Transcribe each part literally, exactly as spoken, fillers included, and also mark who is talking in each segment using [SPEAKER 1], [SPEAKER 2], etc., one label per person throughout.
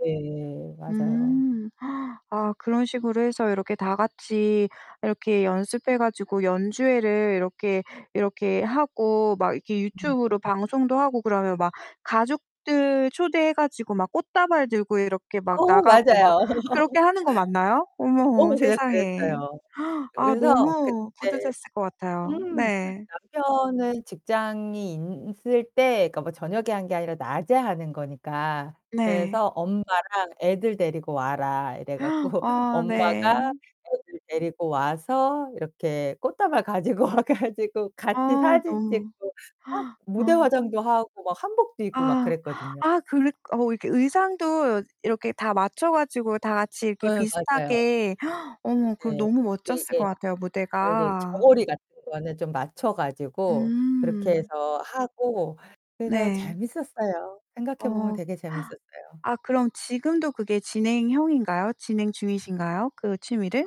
[SPEAKER 1] 네. 맞아요.
[SPEAKER 2] 음. 아 그런 식으로 해서 이렇게 다같이 이렇게 연습해 가지고 연주회를 이렇게 이렇게 하고 막 이렇게
[SPEAKER 1] 음.
[SPEAKER 2] 유튜브로 방송도 하고 그러면 막 가족들 초대해 가지고 막 꽃다발 들고 이렇게 막
[SPEAKER 1] 어
[SPEAKER 2] 나가고 막
[SPEAKER 1] 맞아요.
[SPEAKER 2] 그렇게 하는 거 맞나요? 어머,
[SPEAKER 1] 어, 그냥
[SPEAKER 2] 세상에.
[SPEAKER 1] 그랬어요.
[SPEAKER 2] 아
[SPEAKER 1] 그래서
[SPEAKER 2] 너무
[SPEAKER 1] 그때
[SPEAKER 2] 뿌듯했을 것 같아요.
[SPEAKER 1] 음
[SPEAKER 2] 네.
[SPEAKER 1] 남편은 직장이 있을 때 그니까 뭐 저녁에 한 게 아니라 낮에 하는 거니까.
[SPEAKER 2] 네.
[SPEAKER 1] 그래서 엄마랑 애들 데리고 와라 이래 갖고
[SPEAKER 2] 아 네.
[SPEAKER 1] 엄마가 애들 데리고 와서 이렇게 꽃다발 가지고 와 가지고 같이
[SPEAKER 2] 아,
[SPEAKER 1] 사진
[SPEAKER 2] 너무
[SPEAKER 1] 찍고 막
[SPEAKER 2] 아.
[SPEAKER 1] 무대화장도 하고 막 한복도 입고 막
[SPEAKER 2] 아.
[SPEAKER 1] 그랬거든요.
[SPEAKER 2] 아 그랬 어 이렇게 의상도 이렇게 다 맞춰 가지고 다같이 이렇게
[SPEAKER 1] 예 맞아요.
[SPEAKER 2] 비슷하게 어머 그거
[SPEAKER 1] 예.
[SPEAKER 2] 너무
[SPEAKER 1] 이게,
[SPEAKER 2] 멋졌을 것
[SPEAKER 1] 이게
[SPEAKER 2] 같아요
[SPEAKER 1] 아 이게
[SPEAKER 2] 무대가.
[SPEAKER 1] 저고리 같은 거는 좀 맞춰 가지고 그렇게
[SPEAKER 2] 음.
[SPEAKER 1] 해서 하고 그래서
[SPEAKER 2] 네.
[SPEAKER 1] 재밌었어요. 생각해 보면
[SPEAKER 2] 어.
[SPEAKER 1] 되게 재밌었어요.
[SPEAKER 2] 아 그럼 지금도 그게 진행형인가요? 진행중이신가요? 그
[SPEAKER 1] 아
[SPEAKER 2] 취미를?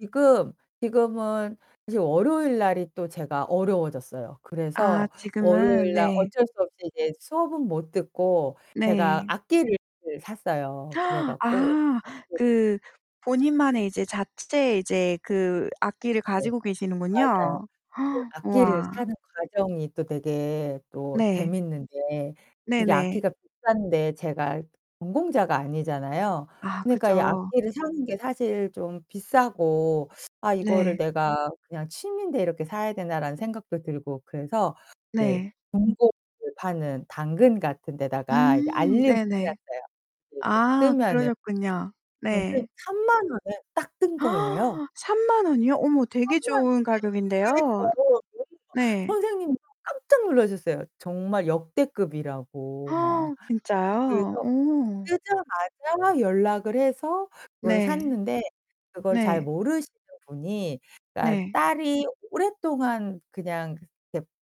[SPEAKER 1] 지금, 지금은 이제 월요일 날이 또 제가 어려워졌어요.
[SPEAKER 2] 아
[SPEAKER 1] 그래서
[SPEAKER 2] 지금은
[SPEAKER 1] 월요일 날
[SPEAKER 2] 네.
[SPEAKER 1] 어쩔 수 없이 이제 수업은 못 듣고 제가
[SPEAKER 2] 네.
[SPEAKER 1] 악기를 샀어요. 그래 갖고
[SPEAKER 2] 아.
[SPEAKER 1] 악기를
[SPEAKER 2] 그 본인만의 이제 자체 이제
[SPEAKER 1] [unintelligible]
[SPEAKER 2] 그 악기를
[SPEAKER 1] 네.
[SPEAKER 2] 가지고
[SPEAKER 1] 맞아요.
[SPEAKER 2] 계시는군요.
[SPEAKER 1] 그 악기를
[SPEAKER 2] 우와.
[SPEAKER 1] 사는 과정이 또 되게 또
[SPEAKER 2] 네.
[SPEAKER 1] 재밌는 게 이게
[SPEAKER 2] 네네.
[SPEAKER 1] 악기가 비싼데 제가 전공자가 아니잖아요.
[SPEAKER 2] 아
[SPEAKER 1] 그니까 이
[SPEAKER 2] 그죠.
[SPEAKER 1] 악기를 사는게 사실 좀 비싸고 '아 이거를
[SPEAKER 2] 네.
[SPEAKER 1] 내가 그냥 취미인데 이렇게 사야 되나.'라는 생각도 들고 그래서 이제
[SPEAKER 2] 네.
[SPEAKER 1] 중고를 파는 당근 같은 데다가 이제
[SPEAKER 2] 음
[SPEAKER 1] 알림을
[SPEAKER 2] 네네.
[SPEAKER 1] 해놨어요. 그래서
[SPEAKER 2] 아
[SPEAKER 1] 뜨면은
[SPEAKER 2] 그러셨군요.
[SPEAKER 1] 그런데
[SPEAKER 2] 네.
[SPEAKER 1] 삼만 원에 딱 뜬 거예요.
[SPEAKER 2] 삼만 원이요? 어머 되게
[SPEAKER 1] 삼만
[SPEAKER 2] 좋은
[SPEAKER 1] 원에
[SPEAKER 2] 가격인데요.
[SPEAKER 1] 그니까요. [unintelligible]
[SPEAKER 2] 네.
[SPEAKER 1] 선생님도 깜짝 놀라셨어요. 정말 역대급이라고 막.
[SPEAKER 2] 진짜요?
[SPEAKER 1] 그래서
[SPEAKER 2] 오.
[SPEAKER 1] 뜨자마자 연락을 해서 그걸
[SPEAKER 2] 네.
[SPEAKER 1] 샀는데 그걸 잘
[SPEAKER 2] 네.
[SPEAKER 1] 모르시는 분이 그니까
[SPEAKER 2] 네.
[SPEAKER 1] 딸이 오랫동안 그냥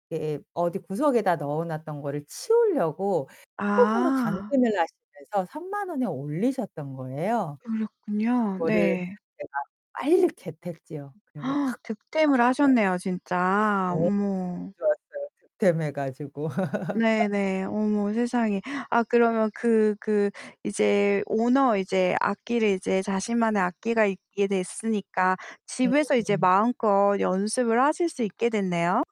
[SPEAKER 1] 이렇게 어디 구석에다 넣어놨던 거를 치우려고 처음으로
[SPEAKER 2] 아.
[SPEAKER 1] 당근을 하시면서 삼만 원에 올리셨던 거예요.
[SPEAKER 2] 그렇군요.
[SPEAKER 1] 그거를
[SPEAKER 2] 네.
[SPEAKER 1] 제가 빨리 겟 했죠. 그래서 확
[SPEAKER 2] 득템을
[SPEAKER 1] 잡았어요.
[SPEAKER 2] 하셨네요. 진짜.
[SPEAKER 1] 네.
[SPEAKER 2] 어머.
[SPEAKER 1] 좋았어요. 득템해가지고.
[SPEAKER 2] 네네. 어머 세상에. 아 그러면 그 그 이제 오너 이제 악기를 이제 자신만의 악기가 있게 됐으니까 집에서 이제
[SPEAKER 1] 음음음.
[SPEAKER 2] 마음껏 연습을 하실 수 있게 됐네요.